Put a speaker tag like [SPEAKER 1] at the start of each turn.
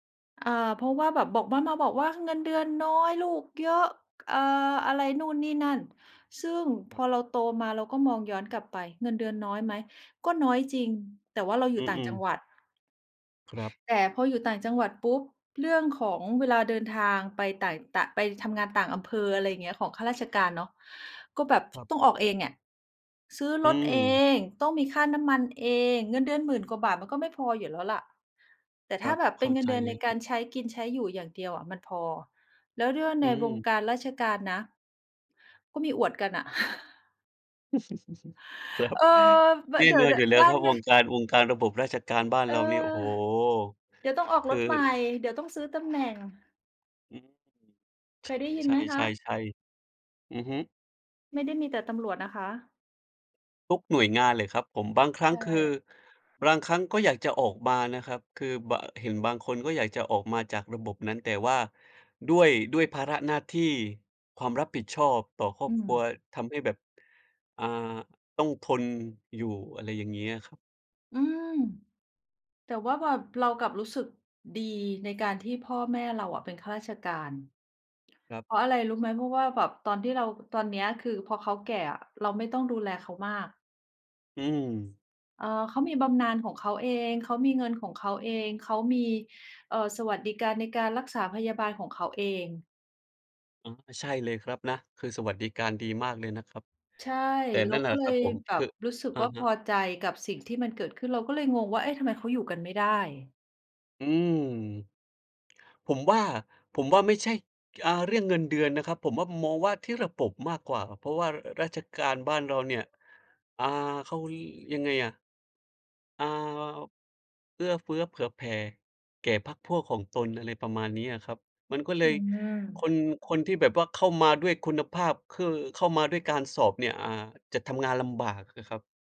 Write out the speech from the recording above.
[SPEAKER 1] อา เพราะว่าแบบ บอกมา มาบอกว่า "เงินเดือนน้อย ลูกเยอะ" ก อ่า อะไรนู่นนี่นั่น ซึ่งพ
[SPEAKER 2] ครับ
[SPEAKER 1] อเราโตมาเราก็มองย้อนกลับไป เงินเดือนน้อยไหม ก็น้อยจริง แต่ว่าเราอย
[SPEAKER 2] อ
[SPEAKER 1] ู
[SPEAKER 2] ื
[SPEAKER 1] ่ต่างจ
[SPEAKER 2] อ
[SPEAKER 1] ัง
[SPEAKER 2] ๆ
[SPEAKER 1] หวัด
[SPEAKER 2] ครับ
[SPEAKER 1] แต่พออยู่ต่างจังหวัดปุ๊บ เรื่องของเวลาเดินทางไปต่าง ต ไปทำงานต่างอำเภอ อะไรอย่างนี้ ของข้าราชการเนาะ ก็แบบ
[SPEAKER 2] ครับ
[SPEAKER 1] ต้องออกเองอะ ซื้อ
[SPEAKER 2] อื
[SPEAKER 1] รถเอ
[SPEAKER 2] ม
[SPEAKER 1] ง ต้องมีค่าน้ำมันเอง เงินเดือน 10,000 กว่าบาท มันก็ไม่พออยู่แล้วแหละ แต่
[SPEAKER 2] ค
[SPEAKER 1] ถ
[SPEAKER 2] ร
[SPEAKER 1] ้
[SPEAKER 2] ั
[SPEAKER 1] า
[SPEAKER 2] บ
[SPEAKER 1] แบบ
[SPEAKER 2] เ
[SPEAKER 1] เ
[SPEAKER 2] ข
[SPEAKER 1] ป็
[SPEAKER 2] ้
[SPEAKER 1] น
[SPEAKER 2] า
[SPEAKER 1] เงิ
[SPEAKER 2] ใ
[SPEAKER 1] น
[SPEAKER 2] จ
[SPEAKER 1] เดือน
[SPEAKER 2] เล
[SPEAKER 1] ใน
[SPEAKER 2] ยค
[SPEAKER 1] ก
[SPEAKER 2] รั
[SPEAKER 1] า
[SPEAKER 2] บ
[SPEAKER 1] รใช้กินใช้อยู่อย่างเดียวอะมันพอ แล้วเรื่อง
[SPEAKER 2] อื
[SPEAKER 1] ในวง
[SPEAKER 2] ม
[SPEAKER 1] การราชการนะ ก็มีอวดกันน่ะ
[SPEAKER 2] ครับ
[SPEAKER 1] เออ บ
[SPEAKER 2] แน่
[SPEAKER 1] เดี๋ย
[SPEAKER 2] น
[SPEAKER 1] ว
[SPEAKER 2] อนอยู่แล้
[SPEAKER 1] ๆ บ
[SPEAKER 2] ว
[SPEAKER 1] ้า
[SPEAKER 2] คร
[SPEAKER 1] น
[SPEAKER 2] ับ
[SPEAKER 1] น
[SPEAKER 2] ว
[SPEAKER 1] ะ
[SPEAKER 2] งการ วงการระบบราชการบ้าน
[SPEAKER 1] เออ
[SPEAKER 2] เรานี่ โอ้โฮ!
[SPEAKER 1] เดี๋ยวต้องออก
[SPEAKER 2] ค
[SPEAKER 1] ร
[SPEAKER 2] ือ
[SPEAKER 1] ถ ใหม่ เดี๋ยวต้องซื้อตำแหน่ง
[SPEAKER 2] อืม
[SPEAKER 1] เค
[SPEAKER 2] ใ
[SPEAKER 1] ยได้ยิน
[SPEAKER 2] ช
[SPEAKER 1] ไหมคะ?
[SPEAKER 2] ่ ๆ ๆ ๆ อือฮึ
[SPEAKER 1] ไม่ได้มีแต่ตำรวจนะคะ
[SPEAKER 2] ทุกหน่วยงานแหละครับผม บาง ครั
[SPEAKER 1] ใช
[SPEAKER 2] ้งคือ
[SPEAKER 1] ่
[SPEAKER 2] บางครั้งก็อยากจะออกมานะครับ คือ บา เห็นบางคนก็อยากจะออกมาจากระบบนั้น แต่ว่าด้วย ด้วยภาระหน้าที่ ความรับผิดชอบต่อครอ
[SPEAKER 1] อื
[SPEAKER 2] บครัว
[SPEAKER 1] ม
[SPEAKER 2] ทำให้แบบ อ่า ต้องทนอยู่ อะไรอย่างนี้อะครับ
[SPEAKER 1] อืม แต่ว่าแบบเรากลับรู้สึกดีในการที่พ่อแม่เราอะเป็นข้าราชการ
[SPEAKER 2] ครับ
[SPEAKER 1] เพราะอะไรรู้ไหม เพราะว่าแบบตอนที่เรา ตอนเนี้ย คือพอเขาแก่อะเราไม่ต้องดูแลเขามาก
[SPEAKER 2] อืม
[SPEAKER 1] เอ่อ เค้ามีบำนาญของเขาเอง เขามีเงินของเขาเอง เขามี เอ่อ สวัสดิการในการรักษาพยาบาลของเขาเอง
[SPEAKER 2] อา ใช่เลยครับนะ คือสวัสดิการดีมากเลยนะครับ
[SPEAKER 1] ใช่
[SPEAKER 2] แต่
[SPEAKER 1] เร
[SPEAKER 2] น
[SPEAKER 1] า
[SPEAKER 2] ั่นแหล
[SPEAKER 1] ก
[SPEAKER 2] ะ
[SPEAKER 1] ็เล
[SPEAKER 2] ครับ
[SPEAKER 1] ย
[SPEAKER 2] ผม
[SPEAKER 1] แบ
[SPEAKER 2] คื
[SPEAKER 1] บ
[SPEAKER 2] อ
[SPEAKER 1] รู้สึก
[SPEAKER 2] อะ
[SPEAKER 1] ว่า
[SPEAKER 2] ฮ
[SPEAKER 1] พ
[SPEAKER 2] ะ
[SPEAKER 1] อใจกับสิ่งที่มันเกิดขึ้น เราก็เลยงงว่า เอ๊ะ ทำไมเขาอยู่กันไม่ได้?
[SPEAKER 2] อืม ผมว่า ผมว่าไม่ใช่ อ่า เรื่องเงินเดือนนะครับ ผมว่ามองว่าที่ระบบมากกว่า เพราะว่า อ ราชการบ้านเราเนี่ย อ่า เขา ยังไงอะ อ่า เอื้อเฟื้อเผื่อแผ่แก่พรรคพวกของตน อะไรประมาณนี้อะครับ มันก็เล
[SPEAKER 1] อื
[SPEAKER 2] ย ค
[SPEAKER 1] ม
[SPEAKER 2] น คนที่แบบว่าเข้ามาด้วยคุณภาพ คือเข้ามาด้วยการสอบเนี่ย อ่า จะทำงานลำบากอะครับ